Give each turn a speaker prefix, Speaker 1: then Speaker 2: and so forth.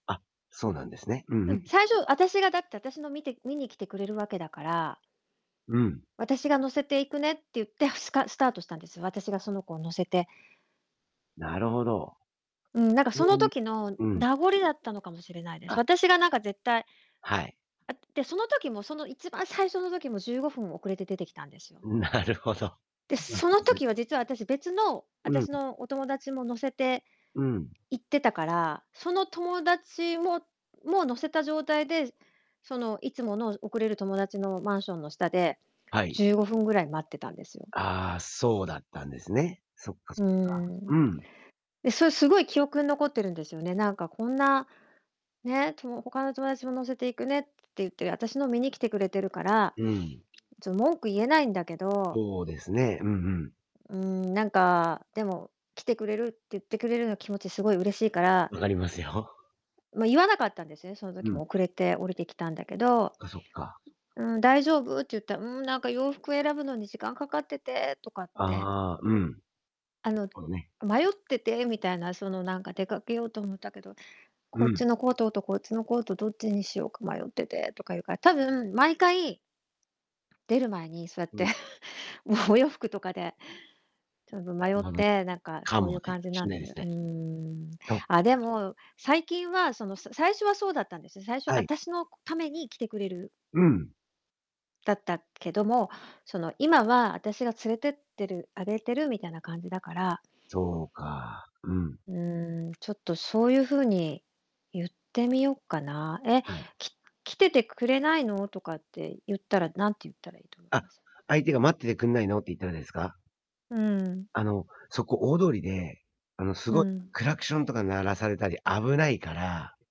Speaker 1: あ、そうなんですね。う
Speaker 2: う
Speaker 1: んう
Speaker 2: ん、
Speaker 1: ん。
Speaker 2: 最初私がだって、私の見て見に来てくれるわけだから。
Speaker 1: うん。
Speaker 2: 私が乗せていくねって言って、スカスタートしたんです。私がその子を乗せて。
Speaker 1: なるほど。
Speaker 2: うん、なんかそ
Speaker 1: そ
Speaker 2: の
Speaker 1: うい
Speaker 2: 時の
Speaker 1: うん。
Speaker 2: 名残りだったのかもしれないです。
Speaker 1: あ。
Speaker 2: 私がなんか絶対。
Speaker 1: はい。
Speaker 2: あ、で、その時も、その一番最初の時も15分遅れて出てきたんですよ。
Speaker 1: なるほど。
Speaker 2: で、
Speaker 1: そうなん
Speaker 2: その
Speaker 1: ですね。
Speaker 2: 時は実は私別の、
Speaker 1: う
Speaker 2: 私
Speaker 1: ん。
Speaker 2: のお友達も乗せて。
Speaker 1: うん。
Speaker 2: 行ってたから、その友達も、もう乗せた状態で、そのいつもの遅れる友達のマンションの下で、
Speaker 1: はい。
Speaker 2: 15分ぐらい待ってたんですよ。
Speaker 1: ああ、そうだったんですね。そっかそ
Speaker 2: う
Speaker 1: っか。
Speaker 2: ん。
Speaker 1: うん。
Speaker 2: で、それすごい記憶に残ってるんですよね。なんかこんなね、と他の友達も乗せていくねって言って、私の見に来てくれてるから、
Speaker 1: うん。
Speaker 2: ちょっ文句言えないんだけど。
Speaker 1: そうですね。うんうん。
Speaker 2: うん、なんか、でも、来てくれるってゆってくれるの気持ちすごい嬉しいから
Speaker 1: 分かりますよ。
Speaker 2: ま、言わなかったんですね、その
Speaker 1: う
Speaker 2: 時
Speaker 1: ん。
Speaker 2: も遅れて降りてきたんだけど。
Speaker 1: かそっか。
Speaker 2: うん、「大丈夫？」って言ったら、「うん、なんか洋服選ぶのに時間かかってて」とかっ
Speaker 1: あ
Speaker 2: て
Speaker 1: あ、うん。なる
Speaker 2: あの、
Speaker 1: ほどね。
Speaker 2: 「迷ってて」みたいなそのなんか「出かけようと思ったけど、
Speaker 1: う
Speaker 2: こっ
Speaker 1: ん。
Speaker 2: ちのコートと、こっちのコートどっちにしようか迷ってて」とか言うから、多分毎回出る前にそうやって、
Speaker 1: うん。
Speaker 2: もうお洋服とかで、ちょっと
Speaker 1: なる
Speaker 2: 迷っ
Speaker 1: ほど。
Speaker 2: て、なんか
Speaker 1: か
Speaker 2: そうい
Speaker 1: も
Speaker 2: う
Speaker 1: ね、
Speaker 2: 感じな
Speaker 1: し
Speaker 2: ん
Speaker 1: んな
Speaker 2: で
Speaker 1: いで
Speaker 2: す。
Speaker 1: す
Speaker 2: う
Speaker 1: ね。
Speaker 2: ーん。
Speaker 1: と。
Speaker 2: あ、でも、最近はそのさ最初はそうだったんですよ。最初は、
Speaker 1: はい。
Speaker 2: 私のために来てくれる
Speaker 1: うん。
Speaker 2: だったけども、その今は私が連れてってるあげてるみたいな感じだから。
Speaker 1: そうか、うん。
Speaker 2: うーん、ちょっとそういうふうに言ってみよっかな、「え、
Speaker 1: はい。
Speaker 2: き来ててくれないの？」とかって言ったら、なんて言ったらいいと思い
Speaker 1: あ、
Speaker 2: ます？
Speaker 1: 相手が「待っててくんないの？」って言ったらですか？
Speaker 2: うん。
Speaker 1: あの、そこ大通りで、あのす
Speaker 2: う
Speaker 1: ごい
Speaker 2: ん。
Speaker 1: クラクションとか鳴らされたり危ないから